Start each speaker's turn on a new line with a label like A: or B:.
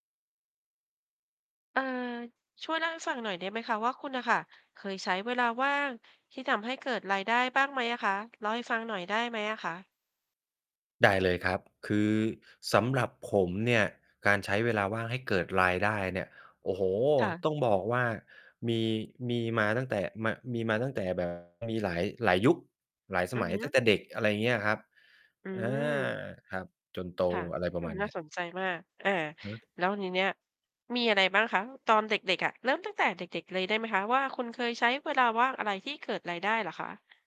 A: เอ่อ ช่วยเล่าให้ฟังหน่อยได้ไหมคะว่าคุณน่ะค่ะ เคยใช้เวลาว่างที่ทำให้เกิดรายได้บ้างไหมอะคะ? เล่าให้ฟังหน่อยได้ไหมอะคะ?
B: ได้เลยครับ คือสำหรับผมเนี่ยการใช้เวลาว่างให้เกิดรายได้เนี่ย โอ้โฮ
A: ค่ะ
B: ต้องบอกว่ามี มีมาตั้งแต่ ม มีมาตั้งแต่ แบบ มีหลาย หลายยุค หลายส
A: อื
B: ม
A: อ
B: ัย
A: ฮ
B: ตั้
A: ึ
B: งแต่เด็ก อะไรเงี้ยครับ
A: อื
B: อา
A: ม
B: ครับ จนโต
A: ค่ะ
B: อะไร
A: อื้อ
B: ปร
A: ฮ
B: ะ
A: ื
B: ม
A: อ
B: าณเ
A: น่
B: นี
A: า
B: ้ย
A: สนใจมาก อ่า
B: หือ!
A: แล้วทีเนี่ย มีอะไรบ้างคะตอนเด็ก ๆ อะ? เริ่มตั้งแต่เด็ก ๆ เลยได้ไหมคะว่า คุณเคยใช้เวลาว่างอะไรที่เกิดรายได้เหรอคะ?